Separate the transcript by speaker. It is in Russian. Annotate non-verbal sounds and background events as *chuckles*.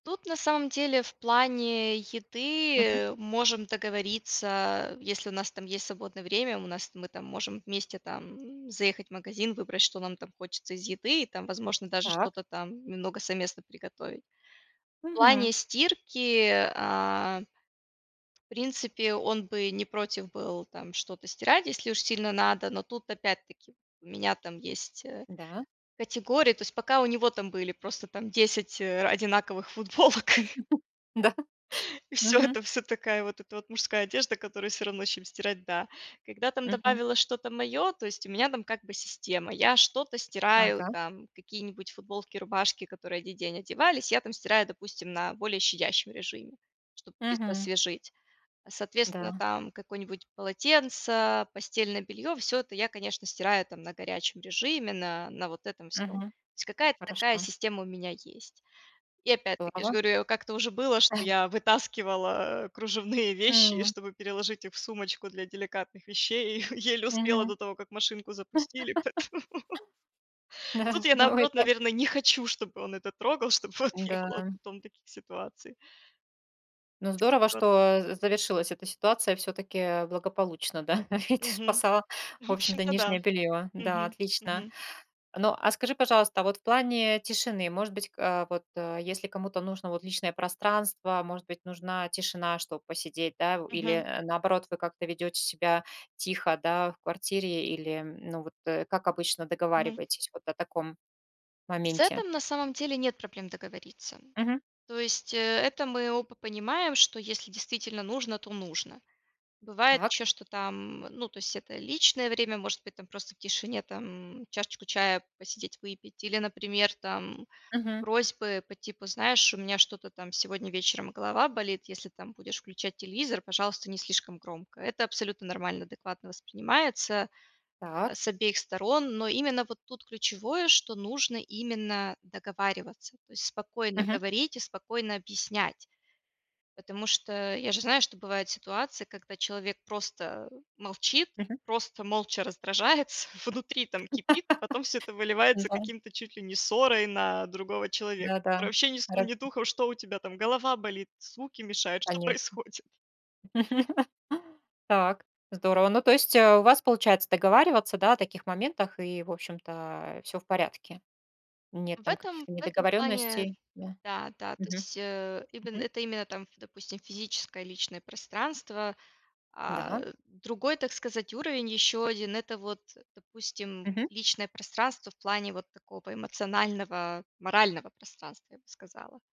Speaker 1: Тут на самом в плане еды,
Speaker 2: Мгм.
Speaker 1: э, можем договориться, а, если у нас там есть свободное время, у нас мы там можем вместе там заехать в магазин, выбрать, что нам там хочется из еды, и там, возможно даже
Speaker 2: Так.
Speaker 1: что-то там немного совместно приготовить. В
Speaker 2: Мгм.
Speaker 1: плане стирки, а, в принципе, он бы не против был там что-то стирать, если уж сильно надо. Но тут, опять-таки, у меня там есть, э,
Speaker 2: Да.
Speaker 1: категории то есть пока у него там были, просто там 10 ра одинаковых футболок *laughs*
Speaker 2: *chuckles* Да.
Speaker 1: *laughs* и всё
Speaker 2: Мгм.
Speaker 1: это, всё такая вот эта вот мужская одежда, которую всё равно, чем стирать, да. Когда там
Speaker 2: Мгм.
Speaker 1: добавила что-то мое, то есть у меня там как бы система, я что-то стираю,
Speaker 2: Ага.
Speaker 1: там какие-нибудь футболки, рубашки, которые 1 день одевались, я там стираю, допустим, на более щадящем режиме, чтоб их
Speaker 2: Мгм.
Speaker 1: освежить. Соответственно,
Speaker 2: Да.
Speaker 1: там какое-нибудь полотенце, постельное белье- всё это я, конечно, стираю там на горячем режиме, на на вот этом всём. То
Speaker 2: Мгм.
Speaker 1: есть какая-то такая
Speaker 2: Хорошо.
Speaker 1: система у меня есть. И опять-таки, я ж
Speaker 2: Здорово.
Speaker 1: говорю, я у как-то уже было, что
Speaker 2: *chuckles*
Speaker 1: я вытаскивала кружевные вещи и
Speaker 2: Мм.
Speaker 1: чтобы переложить их в сумочку для деликатных вещей, и еле успела
Speaker 2: Мгм.
Speaker 1: до того, как машинку
Speaker 2: *laughs*
Speaker 1: запустили, поэтому Тут
Speaker 2: Да.
Speaker 1: я,
Speaker 2: Но
Speaker 1: наоборот,
Speaker 2: это
Speaker 1: наверно, не хочу, чтобы он это трогал, чтобы вот не было
Speaker 2: М-да.
Speaker 1: потом таких ситуаций.
Speaker 2: Ну, здорово,
Speaker 1: *unintelligible*
Speaker 2: что з завершилась эта ситуация всё-таки благополучно, да. Ведь ты
Speaker 1: Мгм.
Speaker 2: спасала, в
Speaker 1: В
Speaker 2: общем-то,
Speaker 1: общем-то да.
Speaker 2: нижнее белье. Да,
Speaker 1: Мгм,
Speaker 2: отлично.
Speaker 1: мгм.
Speaker 2: Ну, а скажи, пожалуйста, а вот в плане тишины, может быть, ка вот, если кому-то нужно вот личное пространство, может быть, нужна тишина, чтоб посидеть, да. В
Speaker 1: Мгм.
Speaker 2: или, наоборот, вы как-то ведете себя тихо, да, в квартире или, ну, вот как обычно
Speaker 1: Мгм.
Speaker 2: договариваетесь вот о таком
Speaker 1: С
Speaker 2: моменте?
Speaker 1: этом, на самом деле, нет проблем договориться.
Speaker 2: Мгм.
Speaker 1: То есть, э, это мы оба понимаем, что если действительно нужно, то нужно. Бывает
Speaker 2: Так.
Speaker 1: еще, что там ну то есть это личное время, может быть там просто в тишине там чашечку чая посидеть выпить или, например, там
Speaker 2: Мгм.
Speaker 1: просьбы по типу: "Знаешь, у меня что-то там сегодня вечером голова болит, если там будешь включать телевизор, пожалуйста, не слишком громко." Это абсолютно нормально, адекватно воспринимается, а,
Speaker 2: Так.
Speaker 1: с обеих сторон. Но именно вот тут ключевое, что нужно именно договариваться. То есть спокойно
Speaker 2: Мгм.
Speaker 1: говорить и спокойно объяснять. Потому что я же знаю, что бывают ситуации, когда человек просто молчит,
Speaker 2: Мгм.
Speaker 1: просто молча раздражается, внутри там
Speaker 2: *laughs*
Speaker 1: кипит, а потом всё это выливается
Speaker 2: Да.
Speaker 1: каким-то чуть ли не ссорой на другого человека,
Speaker 2: Да-да.
Speaker 1: который вообще ни сном
Speaker 2: Рад
Speaker 1: ни духом, что у тебя там: голова болит, звуки мешают, что
Speaker 2: Конечно.
Speaker 1: происходит?
Speaker 2: *chuckles* Так. Здорово. Ну, то есть у вас получается договариваться, да, о таких моментах и, в общем-то, э, всё в порядке? Нет
Speaker 1: В
Speaker 2: там
Speaker 1: этом
Speaker 2: каких-то
Speaker 1: в этом плане
Speaker 2: недоговорённостей, да?
Speaker 1: да-да. То
Speaker 2: Мгм,
Speaker 1: есть, э, име
Speaker 2: мгм.
Speaker 1: это именно там, допустим, физическое и личное пространство. А,
Speaker 2: Да.
Speaker 1: другой, так сказать, уровень, ещё 1- это вот, допустим,
Speaker 2: Мгм.
Speaker 1: личное пространство в плане вот такого эмоционального, морального пространства, я бы сказала.